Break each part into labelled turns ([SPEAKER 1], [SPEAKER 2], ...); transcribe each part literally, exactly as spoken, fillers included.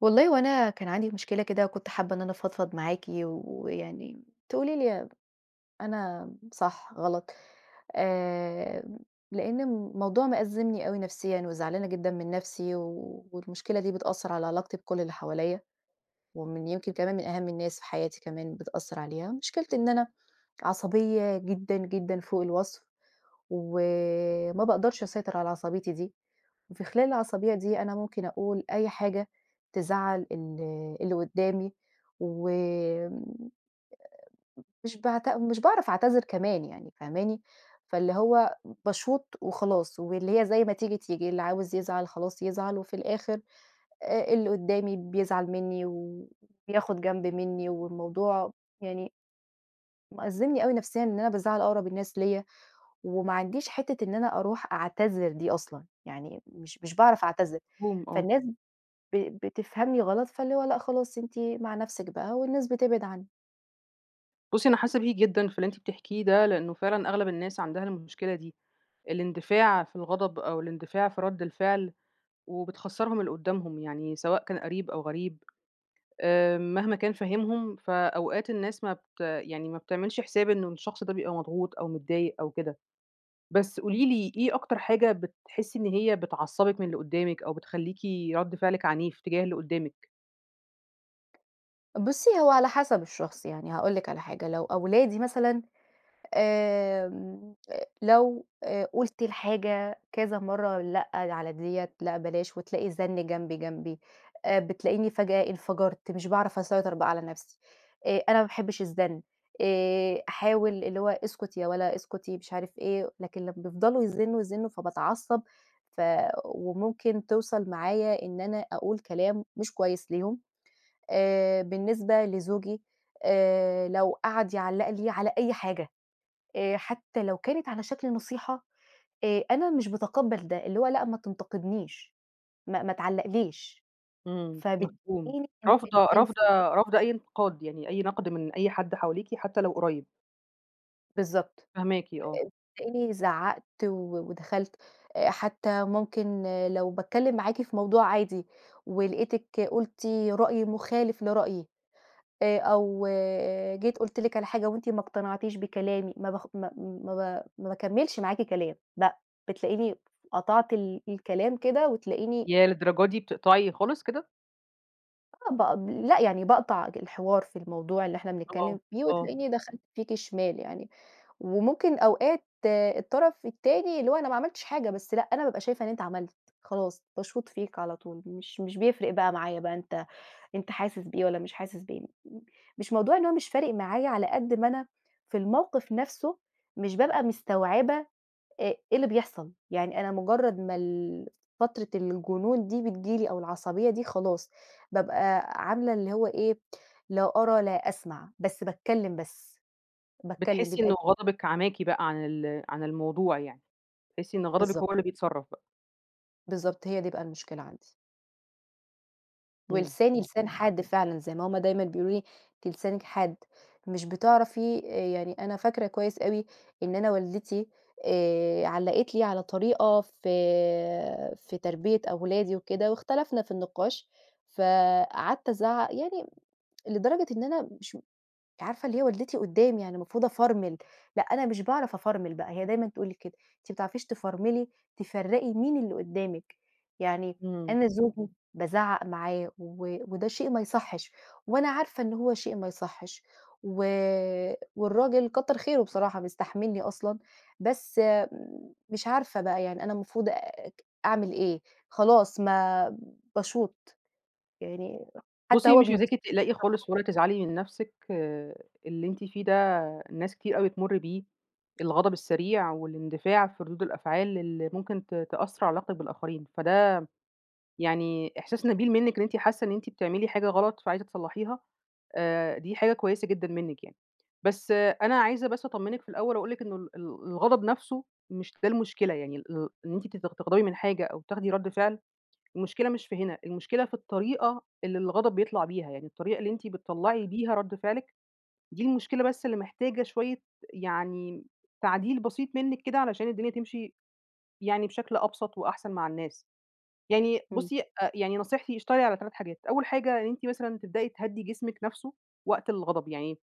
[SPEAKER 1] والله هوأنا كان عندي مشكلة كده وكنت حابّة إن أنا أفضفض معاكِ ويعني تقولي لي أنا صح، غلط، آآ، لأن الموضوع مأزّمني أوي نفسيًا وزعلانة جدًا من نفسي والمشكلة دي بتأثّر على علاقتي بكلّ اللي حواليّا، ومن يمكن كمان من أهم الناس في حياتي كمان بتأثّر عليها، مشكلتي إن أنا عصبية جدًا، جدًا فوق الوصْف وما باقدَرش أسيطر على عصبيّتي دي، وفي خلال العصبيّة دي أنا ممكن أقول أي حاجة تزعّل ال اللي قُدّامي و آآ، مش بعت مش باعرَف أعتذر كمان يعني، فاهماني، فاللي هو باشوط وخلاص واللي هي زي ما تيجي، تيجي، اللي عاوز يزعَل خلاص يزعَل، وفي الآخِر آآ اللي قُدّامي بيزعَل مني و بياخد جنب منّي والموضوع يعني مأزّمني أوي نفسيًا إن أنا بازَعّل أقرَب الناس ليَّ وما عنديش حِتّة إن أنا أرُوح أعتذر دي أصلًا، يعني مش مش باعرَف أعتذر،
[SPEAKER 2] مفهوم، آه.
[SPEAKER 1] فالناس ب بتفهَمني غلط، فاللي هو لأ، خلاص أنتِ مع نفسِك بقى والناس بتبعِد عنّي.
[SPEAKER 2] بُصي أنا حاسة بيكي جدًا، في اللي أنتِ بتحكِيه ده، لأنه فعلًا أغلب الناس عندها المشكلة دي. الاندفاع في الغضب أو الاندفاع في رد الفعل وبتخسّرهم اللي قدامهُم يعني سواء كان قريب أو غريب، آآ مهما كان فاهِمهُم فأوقات الناس ما بت يعني ما بتعملش حساب إن الشخص ده بيبقى مضغوط أو متضايق أو كده. بس قولي لي، إيه أكتر حاجة بتحسي إن هي بتعصبِك من اللي قُدامِك أو بتخليكِ رد فعلِك عنيف تجاه اللي قُدامِك؟
[SPEAKER 1] بُصي، هو على حسب الشخص. يعني هاقول لِك على حاجة، لو أولادي مثلًا آمم، آآ، لو آآ قُلت الحاجة كذا مرّة لأ، ل على ديّة لأ، بلاش وتلاقي الزن جنبي، جنبي آآ بتلاقيني فجأة انفجرت، مش باعرف أسيطر بقى على نفْسي. آآ، أنا ما باحبش الزن، آآ أحاول اللي هو "اسكُت يا ولا اسكُتي." مش عارف إيه، لكن لمّا بيفضلوا يزنوا، يزنوا، فباتعصب ف وممكن توصل معايا إن أنا أقول كلام، مش كويس ليهم. آآ، بالنسبة لزوجي آآ لو قعد يعلّق لي على أي حاجة، آآ، حتى لو كانت على شكل نصيحة، آآ، أنا مش باتقَبَل ده، اللي هو لأ، ما تنتقدنِيش، ما ما تعلقليش.
[SPEAKER 2] إمم،
[SPEAKER 1] فبالتالي
[SPEAKER 2] مفهوم رافضة رافضة
[SPEAKER 1] [unintelligible]
[SPEAKER 2] رافضة أي انتقاد، يعني أي نقد من أي حد حواليكِ حتى لو قريب.
[SPEAKER 1] بالضبط،
[SPEAKER 2] فاهماكِ، آه.
[SPEAKER 1] آآ، تلاقيني زعّقت و ودخلت، آآ، حتى ممكن لو باتكلم معاكِ في موضوع عادي ولقيتِك قلتِ رأي مخالف لرأيي، آآ أو جيت قُلت لِك على حاجة وأنتِ ما اقتنعتيش بكلامي، ما باخ ما ما ب ما باكملش معاكِ كلام لأ، بتلاقيني قطعت ال الكلام كده وتلاقيني
[SPEAKER 2] ياه، للدرجة دي بتقطعي خالص كده!
[SPEAKER 1] آه، بق لأ يعني باقطع ج الحوار في الموضوع اللي إحنا
[SPEAKER 2] آه،
[SPEAKER 1] بنتكلم فيه،
[SPEAKER 2] آه.
[SPEAKER 1] وتلاقيني دخلت فيكِ شمال يعني. وممكن أوقات الطرف التاني اللي هو أنا ما عملتش حاجة، بس لأ، أنا بابقى شايفة إن أنت عملت، خلاص، باشوط فيك على طول مش مش بيفرق بقى معايا بقى أنت أنت حاسس بإيه والّا مش حاسس بإيه. م مش موضوع إن هو مش فارق معايا على قد ما أنا في الموقف نفْسه مش بابقى مستوعبة أ إيه اللي بيحصل، يعني أنا مجرّد ما ال فترة الجنون دي بتيجي لي أو العصبية دي، خلاص، بابقى عاملة اللي هو إيه، لا أرى لا أسمع، بس باتكلم بس، باتكلم
[SPEAKER 2] بتحسّي
[SPEAKER 1] بيبقى
[SPEAKER 2] إن
[SPEAKER 1] ال
[SPEAKER 2] غضبِك عماكِ بقى عن ال عن الموضوع يعني، بتحسّي إن غضبِك
[SPEAKER 1] بالضبط.
[SPEAKER 2] هو اللي بيتصرف بقى؟
[SPEAKER 1] بالضبط هي دي بقى المشكلة عندي.
[SPEAKER 2] إمم،
[SPEAKER 1] ولساني
[SPEAKER 2] إمم.
[SPEAKER 1] لسان حاد فعلًا، زي ما هم دايمًا بيقولوا لي، أنتِ لسانِك حاد، مش بتعرفي يعني أنا فاكرة كويس أوي إن أنا والدتي، آآ، علَّقت لي على طريقة في في تربية أولادي وكده، واختلفنا في النقاش، فقعدت ازعق، يعني لدرجة إن أنا مش عارفة، اللي هي والدتي قدامي يعني، المفروض أفرمل، لأ، أنا مش باعرف افرمل بقى، هي دايمًا تقول لي كده، أنتِ مبتعرفيش تفرملي، تفرّقي مين اللي قدّامِك يعني.
[SPEAKER 2] إمم.
[SPEAKER 1] أنا زوجي بازعق معاه، و وده شيء ما يصحش، وأنا عارفة إن هو شيء ما يصحش، و والراجل كتر خيره بصراحة بيستحملني أصلًا، بس مش عارفة بقى يعني، أنا المفروض آآ، أعمل إيه، خلاص ما باشوط يعني، حتى
[SPEAKER 2] بُصي،
[SPEAKER 1] هو
[SPEAKER 2] مش
[SPEAKER 1] بيبص
[SPEAKER 2] عايزاكِ
[SPEAKER 1] لي.
[SPEAKER 2] تقلقي خالص،
[SPEAKER 1] [unintelligible]
[SPEAKER 2] ولا تزعلي من نفسِك. آآ، اللي أنتِ فيه ده ناس كتير أوي بتمر بيه، الغضب السريع والاندفاع في ردود الأفعال، اللي ممكن ت تأثر علي علاقتِك بالآخرين، فده يعني إحساس نبيل منِك إن أنتِ حاسة إن أنتِ بتعملي حاجة غلط، فعايزة تصلحيها، آآ، دي حاجة كويسة جدًا منِك يعني. بس أنا عايزة بس أطمنِك في الأول، وأقول لِك إنه ال ال الغضب نفسه مش ده المشكلة يعني، ال إن أنتِ ت تغضبي من حاجة أو تاخدي رد فعل، المشكلة مش في هنا، المشكلة في الطريقة اللي الغضب بيطلع بيها يعني، الطريقة اللي أنتِ بتطلعي بيها رد فعلِك دي المشكلة، بس اللي محتاجة شوية يعني تعديل بسيط منك كده، علشان الدنيا تمشي يعني بشكل أبسط وأحسن مع الناس. يعني
[SPEAKER 1] امم.
[SPEAKER 2] بُصي، آآ يعني نصيحتي، اشتغلي على تلات حاجات. أول حاجة، إن أنتِ مثلًا تبدئي تهدي جسمِك نفسه وقت الغضب، يعني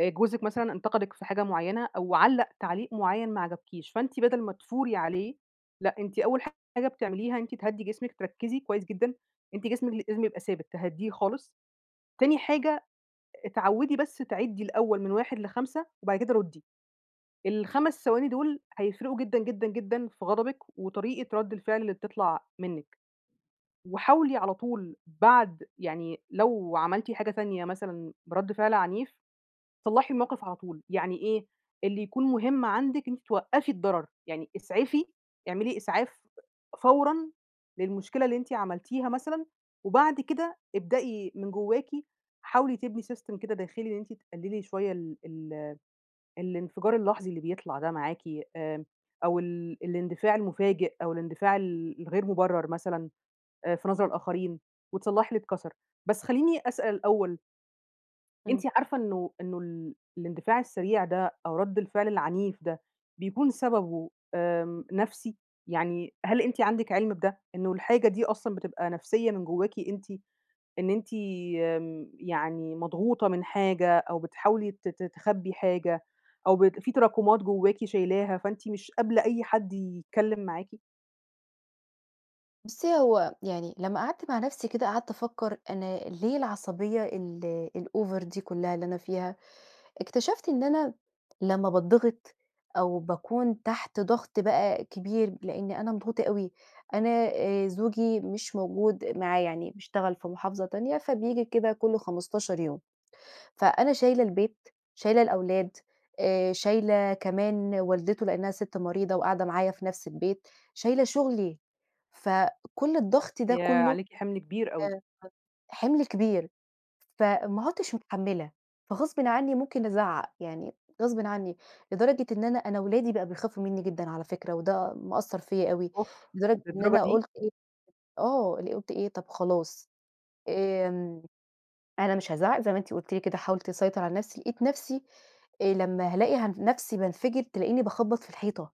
[SPEAKER 2] آآ، جوزِك مثلًا انتقِدك في حاجة معينة أو علّق تعليق معين ما عجبكيش، فأنت بدل ما تثوري عليه، لأ، أنتِ أول حاجة بتعمليها، أنتِ تهدّي جسمِك، تركزي كويس جدًا، أنتِ جسمك لازم يبقى ثابت، تهديه خالص. تاني حاجة، اتعودي بس تعِدِّي الأول من واحد لخمسة وبعد كده ردي. الخمس ثواني دول هيفرقوا جدًا، جدًا، جدًا في غضبِك وطريقة رد الفعل اللي بتطلع منِك، وحاولي على طول بعد يعني لو عملتِ حاجة تانية مثلًا برد فعل عنيف، صلحي الموقف على طول، يعني إيه؟ اللي يكون مهم عندِك إن أنتِ توقفي الضرر، يعني إسعفي اعملي إسعاف فورًا للمشكلة اللي أنتِ عملتيها مثلًا، وبعد كده ابدئي من جواكِ، حاولي تبني System كده داخلي، إن أنتِ تقللي شوية ال ال الإنفجار اللحظي اللي بيطلع ده معاكِ، آمم، أو ال الاندفاع المفاجئ، أو الاندفاع ال الغير مبرر مثلًا آآ في نظر الآخرين، وتصلحي اللي اتكسر، بس خليني أسأل الأول أنتِ
[SPEAKER 1] إمم.
[SPEAKER 2] عارفة إنه إنه ال الإندفاع السريع ده أو رَد الفعل العنيف ده بيكُون سبَبه آمم نَفسي. يعني هل أنتِ عندِك عِلم بده، إنه الحاجة دي أصلًا بتبقى نفسية من جواكِ أنتِ؟ إن أنتِ آمم، يعني مضغوطة من حاجة أو بتحاولي ت ت تخبّي حاجة أو بت في تراكمات جوّاكِ شايلاها، فأنتِ مش قابلة أي حَد يتكلّم معاكِ.
[SPEAKER 1] بُصّي، هو يعني لما قعَدت مع نَفسي كده، قعَدت أفكّر أنا ليه العصبية ال الover دي كلّها اللي أنا فيها، اكتشفت إن أنا لمّا باتضغِط أو باكُون تحت ضغْط بقى كبير لإني أنا مضغوطة أوي، أنا آآ زوجي مش موجود معايا يعني بيشتغل في محافظة تانية فبييجي كده كُلّ خمستاشر يوم. فأنا شايلة البيت، شايلة الأولاد، آآ شايلة كمان والدته لإنها سِت مريضة وقاعدة معايا في نفس البيت، شايلة شُغلي، فكلّ الضغط ده
[SPEAKER 2] ياه!
[SPEAKER 1] كلّه
[SPEAKER 2] عليكِ حِمل كبير أوي.
[SPEAKER 1] آآ، حِمل كبير، فما عُدتش متحمّلة، فغصبٍ عني ممكن أزعّق، يعني غصبٍ عني، لدرجة إن أنا، أنا ولادي بقوا بيخافوا منّي جدًا على فكرة وده مأثّر فيَّ أوي
[SPEAKER 2] أوف!
[SPEAKER 1] لدرجة إن
[SPEAKER 2] للدرجة
[SPEAKER 1] أنا
[SPEAKER 2] دي؟!
[SPEAKER 1] قُلت إيه، آه، اللي قُلت إيه، طَب خلاص، آمم، أنا مش هازعّق زي ما أنتِ قُلتِ لي كده، حاولت أسيطر على نَفسي لقيت نَفسي آآ، لما هالاقي ه نَفسي بانفَجر تلاقيني باخبّط في الحيطة،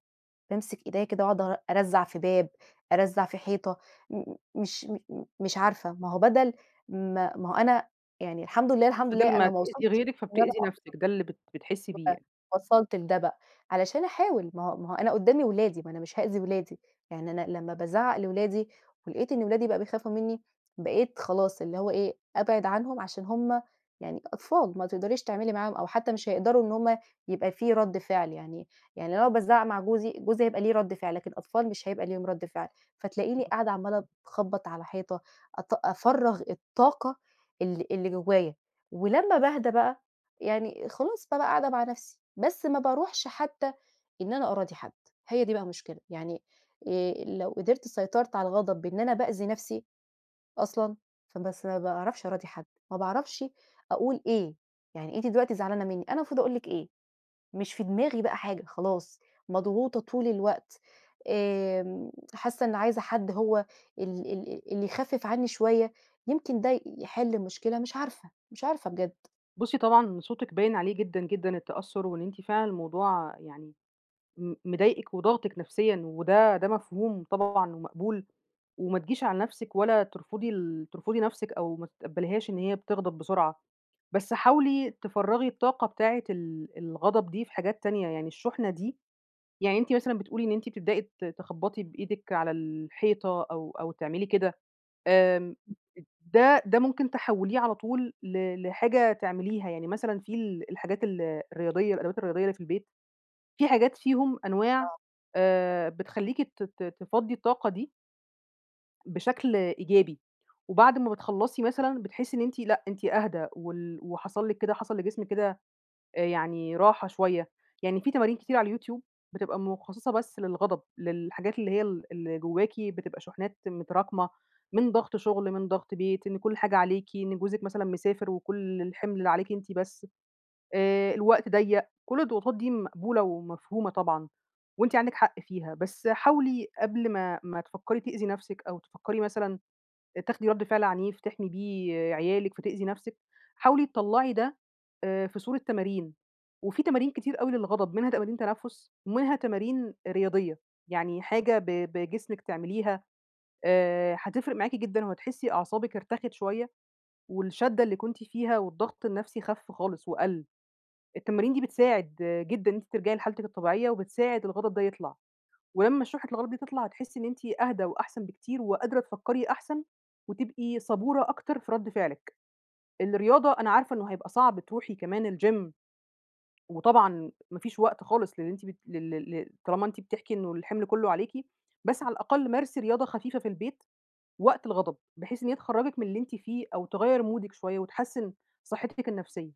[SPEAKER 1] بامسك إيديّا كده أقعُد أ أرزّع في باب، أرزّع في حيطة، مم مش مم مش عارفة، ما هو بدَل ما ما هو أنا يعني الحمد لله، الحمد
[SPEAKER 2] بدَل
[SPEAKER 1] لله
[SPEAKER 2] ما
[SPEAKER 1] أنا ما
[SPEAKER 2] تئذي
[SPEAKER 1] وصَلتش
[SPEAKER 2] غيرِك
[SPEAKER 1] إن أنا
[SPEAKER 2] فبتئذي
[SPEAKER 1] أضرَب.
[SPEAKER 2] نفسِك ده اللي بت بتحسّي بيه
[SPEAKER 1] أ
[SPEAKER 2] يعني.
[SPEAKER 1] وصَلت لده بقى علشان أحاول، ما هو ما هو أنا قُدّامي ولادي، ما أنا مش هأذي ولادي، يعني أنا لما بازعّق لولادي ولقيت إن ولادي بقوا بيخافوا منّي، بقيت خلاص اللي هو إيه، أبعِد عنهم عشان هُم يعني أطفال، ما تقدريش تعملي معاهم، أو حتى مش هيقدَروا إن هُم يبقى في رَد فعل يعني، يعني لو أنا بازعّق مع جوزي، جوزي بيبقى ليه رَد فعل، لكن الأطفال مش هيبقى ليهم رد فعل، فتلاقيني قاعدة عمّالة ت أخبّط على حيطة أط أفرّغ الطاقة اللي اللي جوايا، ولما باهدى بقى يعني خلاص، بابقى قاعدة مع نَفسي. بس ما بارُوحش حتى إن أنا أراضي حَد، هي دي بقى المشكلة. يعني آآ، لو قِدرت سيطرت على الغضب بإن أنا بأذي نَفسي أصلًا، فبس ما باعرَفش أراضي حد، ما باعرفش أقول إيه، يعني أنتِ دلوقتي زعلانة منّي أنا المفروض أقول لِك إيه، مش في دماغي بقى حاجة، خلاص، مضغوطة طُول الوقت، آمم، حاسّة إن عايزة حَد هو ال ال اللي يخفِّف عنّي شوية، يمكِن ده ي يحِل المشكلة، مش عارفة، مش عارفة بجد.
[SPEAKER 2] بُصي طبعًا صوتِك باين عليه جدًا، جدًا التّأثُّر، وإن أنتِ فعلًا الموضوع يعني م مضايقِك وضاغطِك نفسيًا، وده ده مفهوم طبعًا ومقبول، وما تجيش على نفسِك، ولا ترفُضي ال ترفُضي نفسِك، أو ما تتقبليهاش إن هي بتغضب بسرعة، بس حاولي تفرَّغي الطاقة بتاعة ال الغضب دي في حاجات تانية، يعني الشُّحنة دي يعني أنتِ مثلًا بتقولي إن أنتِ بتبدئي ت تخبطي بإيدِك على الحيطة، أو أو تعملي كده، آمم ده ده ممكن تحوليه على طول ل لحاجة تعمليها، يعني مثلًا في ال الحاجات ال الرياضية الأدوات الرياضية اللي في البيت، في حاجات فيهم أنواع
[SPEAKER 1] آه.
[SPEAKER 2] آآ بتخلّيكِ ت ت تفِضِّي الطاقة دي بشكل إيجابي، وبعد ما بتخلّصي مثلًا، بتحِسّي إن أنتِ لأ، أنتِ أهدى، وال وحصل لِك كده حصل لجسم كده آآ يعني راحة شوية، يعني في تمارين كتير على اليوتيوب بتبقى مُخصّصة بس للغضب، للحاجات اللي هي ال اللي جُوَّاكِ بتبقى شُحنات متراكمة، من ضغط شُغل، من ضغط بيت، إن كُلّ حاجة عليكِ، إن جوزِك مثلًا مسافر وكُلّ الحِمْل عليكِ أنتِ بس، آآ الوقت ضيَّق، كُلّ الضغوطات دي مقبولة ومفهومة طبعًا، وأنتِ عندِك حق فيها، بس حاولي قبل ما ما تفكري تأذي نفسِك، أو تفكري مثلًا تاخدي رَدّ فعل عنيف تحمي بيه عيالِك فتأذي نفسِك، حاولي تطلعي ده آآ في صورة تمارين، وفي تمارين كتير أوي للغضب، منها تمارين تنفس، ومنها تمارين رياضية، يعني حاجة ب بجسمِك تعمليها، آآ هتفرق معاكِ جدًا وهتحسّي أعصابِك ارتخت شوية، والشّدّة اللي كنتِ فيها، والضغط النفسي خف خالص وقَل، التمارين دي بتساعد جدًا إن أنتِ ترجعي لحالتِك الطبيعية، وبتساعد الغضب ده يطلع، ولمّا شُحنة الغضب دي تطلع، هتحِسِّي إن أنتِ أهدى وأحسن بكتير، وقادرة تفكري أحسن، وتبقي صبُورة أكتر في رَدّ فعلِك، الرياضة أنا عارفة إنه هيبقى صعب تروحي كمان الGym وطبعًا ما فيش وقت خالص للي أنتِ بت لل لل طالما أنتِ بتحكي إنُه الحِمل كُلُّه عليكِ، بس على الأقل مارسي رياضة خفيفة في البيت، وقت الغضب، بحيث إن هي تخرجِك من اللي أنتِ فيه، أو تغيَّر مودِك شوية، وتحسِّن صحتِك النفسية.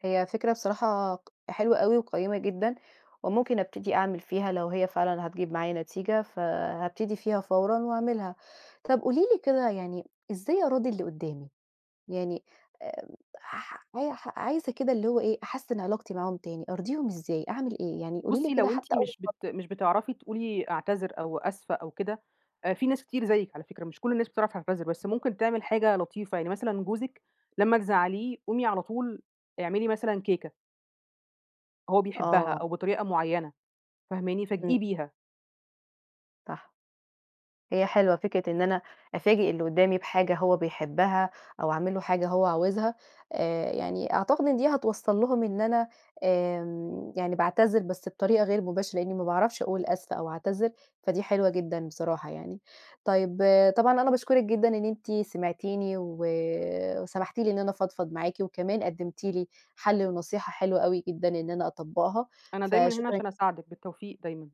[SPEAKER 1] هي فكرة الصراحة ق حلوة أوي وقيّمة جدًا وممكن أبتدي أعمل فيها لو هي فعلًا هتجيب معايا نتيجة، فهابتدي فيها فورًا وأعملها. طَب قولي لي كده يعني إزاي أراضي اللي قُدّامي؟ يعني آآ ح أيح عايزة كده اللي هو إيه، أحسِّن علاقتي معاهم تاني، أرضيهم إزاي، أعمل إيه؟ يعني قولي لي
[SPEAKER 2] بُصّي،
[SPEAKER 1] كده
[SPEAKER 2] لو أنتِ
[SPEAKER 1] حتّى أول
[SPEAKER 2] مش
[SPEAKER 1] خط
[SPEAKER 2] بت مش بتعرفي تقولي أعتذر أو أسفة أو كده، آآ في ناس كتير زيِّك على فكرة مش كل الناس بتعرف تعتذر، بس ممكن تعمل حاجة لطيفة. يعني مثلًا جوزِك لمّا تزعّليه، قومي على طول اعملي مثلًا كيكة. هو بيحبّها
[SPEAKER 1] آه.
[SPEAKER 2] أو بطريقة معيّنة فاهماني؟
[SPEAKER 1] إمم.
[SPEAKER 2] فاجئيه بيها.
[SPEAKER 1] صح. هي حلوة فكرة إن أنا أفاجئ اللي قُدّامي بحاجة هو بيحبّها أو أعمل له حاجة هو عاوزها، آآ يعني أعتقد إن دي هتوصّل لهم إن أنا آمم يعني باعتذر بس بطريقة غير مباشرة لإنّي ما باعرفش أقول أسفة أو أعتذر، فدي حلوة جدًا بصراحة يعني. طيب آآ طبعًا أنا باشكُرِك جدًا إن أنت سمعتيني و وسَمحتِ لي إن أنا أفضفض معاكِ وكمان قُدّمتِ لي حَل ونصيحة حلوة أوي جدًا إن أنا أطبّقها،
[SPEAKER 2] أنا دايمًا هنا
[SPEAKER 1] فشكرًا
[SPEAKER 2] عشان أساعدِك، بالتوفيق دايمًا.